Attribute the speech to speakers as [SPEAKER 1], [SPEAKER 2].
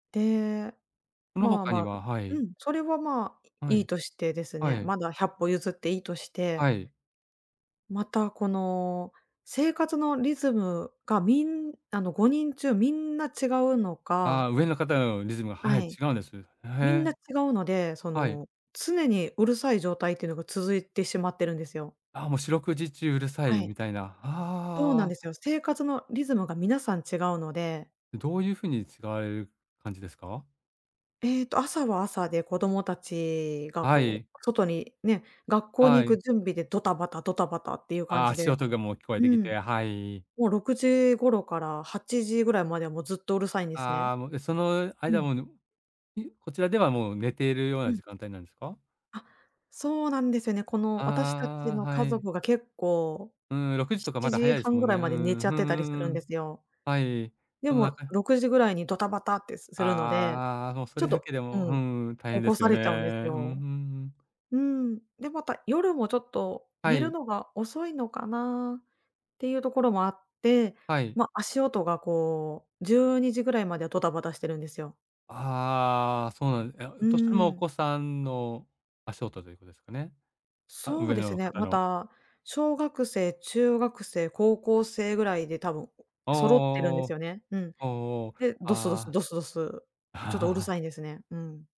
[SPEAKER 1] で、
[SPEAKER 2] その
[SPEAKER 1] まあ、
[SPEAKER 2] 他に
[SPEAKER 1] ま
[SPEAKER 2] はは
[SPEAKER 1] う
[SPEAKER 2] い。
[SPEAKER 1] ん、それは、まあ、
[SPEAKER 2] は
[SPEAKER 1] いい
[SPEAKER 2] い、
[SPEAKER 1] としてです
[SPEAKER 2] は
[SPEAKER 1] ね、
[SPEAKER 2] い。
[SPEAKER 1] まだ百歩譲っていいとして
[SPEAKER 2] はい。
[SPEAKER 1] また、この、生活のリズムがみんあの、5人中みんな違うのか
[SPEAKER 2] ああ、上の方のリズムが、
[SPEAKER 1] は
[SPEAKER 2] はい、
[SPEAKER 1] い。
[SPEAKER 2] 違うんです。え、へ
[SPEAKER 1] みん
[SPEAKER 2] え。
[SPEAKER 1] な違うので、そ
[SPEAKER 2] はい。
[SPEAKER 1] の常にうるさい状態っていうのが続いてしまってるんですよ。
[SPEAKER 2] あ、もう四六時中うるさ
[SPEAKER 1] は
[SPEAKER 2] い
[SPEAKER 1] い。
[SPEAKER 2] みたいな。
[SPEAKER 1] そうなん
[SPEAKER 2] ああ。
[SPEAKER 1] ですよ。生活のリズムが皆さん違うので
[SPEAKER 2] どういうふうに違えう感じですか？
[SPEAKER 1] えっと、朝は朝で子供たちが
[SPEAKER 2] は
[SPEAKER 1] こう、
[SPEAKER 2] い。
[SPEAKER 1] 外に、ね、学校
[SPEAKER 2] は
[SPEAKER 1] に行く
[SPEAKER 2] い。
[SPEAKER 1] 準備でドタバタドタバタっていう感
[SPEAKER 2] ああ、
[SPEAKER 1] じ
[SPEAKER 2] 足
[SPEAKER 1] で。
[SPEAKER 2] 音でもう聞こえ
[SPEAKER 1] う
[SPEAKER 2] てき
[SPEAKER 1] ん。
[SPEAKER 2] て、はい。
[SPEAKER 1] もう6時頃から8時ぐらいまではもうずっとうるさいんですね。
[SPEAKER 2] ああ、もう、で、その
[SPEAKER 1] う
[SPEAKER 2] 間
[SPEAKER 1] ん。
[SPEAKER 2] も、うぬいこちらではもう寝ているよう
[SPEAKER 1] う
[SPEAKER 2] な
[SPEAKER 1] ん。
[SPEAKER 2] 時間帯なんですか？
[SPEAKER 1] あ、そうなんですよね。この
[SPEAKER 2] あ
[SPEAKER 1] 私た
[SPEAKER 2] ああ
[SPEAKER 1] ち
[SPEAKER 2] あ、
[SPEAKER 1] の
[SPEAKER 2] は
[SPEAKER 1] 家
[SPEAKER 2] い。
[SPEAKER 1] 族が結構
[SPEAKER 2] うーん、6時
[SPEAKER 1] ひ
[SPEAKER 2] とかま
[SPEAKER 1] ち
[SPEAKER 2] だ
[SPEAKER 1] じ
[SPEAKER 2] 早いで
[SPEAKER 1] は
[SPEAKER 2] す
[SPEAKER 1] ん
[SPEAKER 2] もん
[SPEAKER 1] ぐ
[SPEAKER 2] ね。
[SPEAKER 1] らい
[SPEAKER 2] う
[SPEAKER 1] まで寝
[SPEAKER 2] んうん、
[SPEAKER 1] ちゃっ
[SPEAKER 2] ふん
[SPEAKER 1] て
[SPEAKER 2] ふ
[SPEAKER 1] たりする
[SPEAKER 2] んう
[SPEAKER 1] んで
[SPEAKER 2] ん。
[SPEAKER 1] すよ。
[SPEAKER 2] はい、
[SPEAKER 1] で
[SPEAKER 2] そのなん
[SPEAKER 1] も
[SPEAKER 2] か
[SPEAKER 1] 6時ぐらいにドタバタって、す
[SPEAKER 2] あ
[SPEAKER 1] するので、
[SPEAKER 2] あああ、もうそ
[SPEAKER 1] ちょ
[SPEAKER 2] れ
[SPEAKER 1] っ
[SPEAKER 2] だ
[SPEAKER 1] と
[SPEAKER 2] けで
[SPEAKER 1] う
[SPEAKER 2] も、う
[SPEAKER 1] ん、
[SPEAKER 2] ん、大変
[SPEAKER 1] 起
[SPEAKER 2] で
[SPEAKER 1] こ
[SPEAKER 2] す
[SPEAKER 1] さ
[SPEAKER 2] よね。
[SPEAKER 1] れちゃうんです
[SPEAKER 2] うん、ふん、う
[SPEAKER 1] よ。
[SPEAKER 2] ん。
[SPEAKER 1] うーん、で、また夜もちょっと
[SPEAKER 2] は
[SPEAKER 1] 寝る
[SPEAKER 2] い。
[SPEAKER 1] のが遅いのかな？っていうところもあって、
[SPEAKER 2] はい。
[SPEAKER 1] ま、足音がこう、12時ぐらいまではドタバタしてるんですよ。
[SPEAKER 2] ああ、そうなんえ、
[SPEAKER 1] う
[SPEAKER 2] として
[SPEAKER 1] ー
[SPEAKER 2] もお
[SPEAKER 1] ん。
[SPEAKER 2] 子さんの足音ということですかね？あ、
[SPEAKER 1] そう
[SPEAKER 2] 上
[SPEAKER 1] です
[SPEAKER 2] の
[SPEAKER 1] ね、
[SPEAKER 2] 方
[SPEAKER 1] ま
[SPEAKER 2] の。
[SPEAKER 1] た、小学生、中学生、高校生ぐらいで多分
[SPEAKER 2] お
[SPEAKER 1] 揃ってるんです
[SPEAKER 2] お
[SPEAKER 1] よね。うん。
[SPEAKER 2] おおおお、おおおお、
[SPEAKER 1] で、どすどす
[SPEAKER 2] あ
[SPEAKER 1] どすどす、
[SPEAKER 2] あ。
[SPEAKER 1] ちょとうる さいんですね。うん。